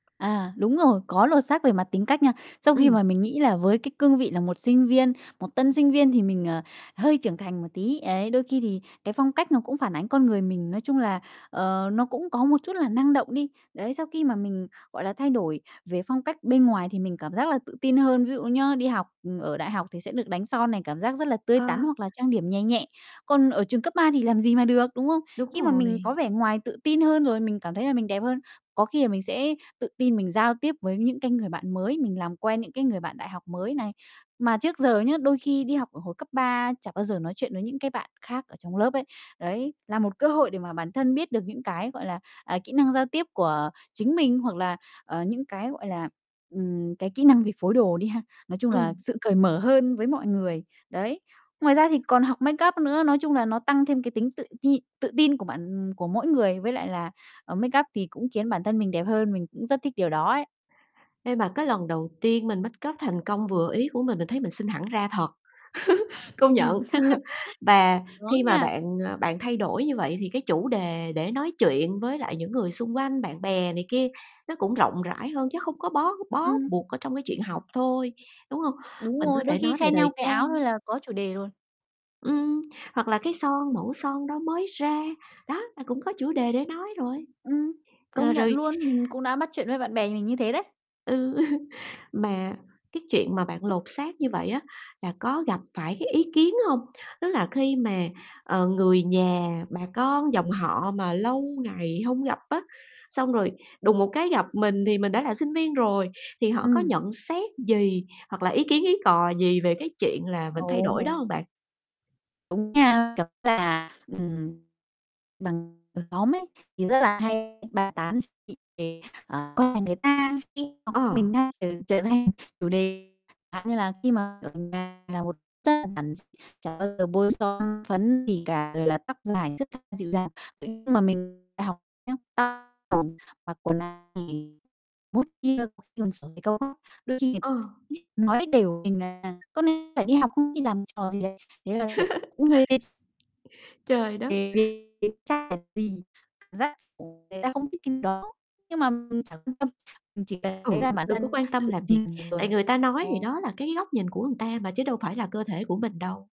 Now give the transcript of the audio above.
À, đúng rồi, có lột xác về mặt tính cách nha. Sau khi Ừm. mà mình nghĩ là với cái cương vị là một sinh viên, một tân sinh viên thì mình, ờ, hơi trưởng thành một tí, ấy, đôi khi thì cái phong cách nó cũng phản ánh con người mình, nói chung là, ờ, nó cũng có một chút là năng động đi. Đấy, sau khi mà mình, gọi là, thay đổi về phong cách bên ngoài thì mình cảm giác là tự tin hơn. Ví dụ nhá, đi học ở đại học thì sẽ được đánh son này, cảm giác rất là tươi Ờ. tắn, hoặc là trang điểm nhè nhẹ, còn ở trường cấp 3 thì làm gì mà được, đúng không? Đúng Khi mà mình rồi. có vẻ ngoài tự tin hơn, rồi mình cảm thấy là mình đẹp hơn, có khi là mình sẽ tự tin mình giao tiếp với những cái người bạn mới, mình làm quen những cái người bạn đại học mới này. Mà trước giờ nhá, đôi khi đi học ở hồi cấp 3 chẳng bao giờ nói chuyện với những cái bạn khác ở trong lớp ấy. Đấy là một cơ hội để mà bản thân biết được những cái, gọi là, à, kỹ năng giao tiếp của chính mình, hoặc là, ờ, những cái, gọi là, ừm, cái kỹ năng về phối đồ đi ha, nói chung là Ừm. sự cởi mở hơn với mọi người, đấy. Ngoài ra thì còn học make up nữa, nói chung là nó tăng thêm cái tính tự nhi tự tin của bản của mỗi người với lại là, à, make up thì cũng khiến bản thân mình đẹp hơn, mình cũng rất thích điều đó ấy. Ê, mà cái lần đầu tiên mình make up thành công, vừa ý của mình, mình thấy mình xinh hẳn ra thật, công nhận. Ừm, Và khi đúng mà nha. bạn, à, bạn thay đổi như vậy thì cái chủ đề để nói chuyện với lại những người xung quanh bạn bè này kia nó cũng rộng rãi hơn, chứ hông có bó bó Ừm. buộc ở trong cái chuyện học thôi, đúng hông? Đúng Mình có rồi, đôi thể khi nói về khen nhau thời cái trang áo thôi là có chủ đề rồi. Ừm, hoặc là cái son, mẫu son đó mới ra, đó, là cũng có chủ đề để nói rồi. Ừm, Ờ, công nhận rồi luôn, mình cũng đã bắt chuyện với bạn bè mình như thế đấy. Ừ, mà cái chuyện mà bạn lột xác như vậy á là có gặp phải cái ý kiến hông? Tức là khi mà, ờ, người nhà, bà con dòng họ mà lâu ngày hông gặp á, xong rồi đùng một cái gặp mình thì mình đã là sinh viên rồi, thì họ có Ừm. nhận xét gì, hoặc là ý kiến ý cò gì về cái chuyện là mình thay đổi đó Ồ! hông bạn? Đúng nha, kiểu như là, ừm, bằng ở xóm ấy thì rất là hay bàn tán dị nghị về, ờ, con nhà người ta khi [unintelligible] Ờ. mình đang trở trở thành chủ đề, chẳng hạn như là khi mà ở nhà là một [unintelligible] đơn giản, chả bao giờ bôi son phấn gì cả, rồi là tóc dài thướt tha, dịu dàng. Ừ, nhưng mà mình đại học nhá, [unintelligible] mặc quần áo thì [unintelligible] có khi còn xỏ giày cao gót, đôi khi người Ờ. [unintelligible] nói đểu mình là "Con này phải đi học không, đi làm trò gì đấy?" Thế là, kiểu, cũng hơi [unintelligible] Trời đất! [unintelligible] Thì cảm giác, ồ, người ta không thích cái đó, nhưng mà mình chẳng quan tâm, mình chỉ cần thấy Ừ, là bản đừng có thân quan tâm tự làm vì, tại người ta nói thì đó [unintelligible] là cái góc nhìn của người ta mà chứ đâu phải là cơ thể của mình đâu.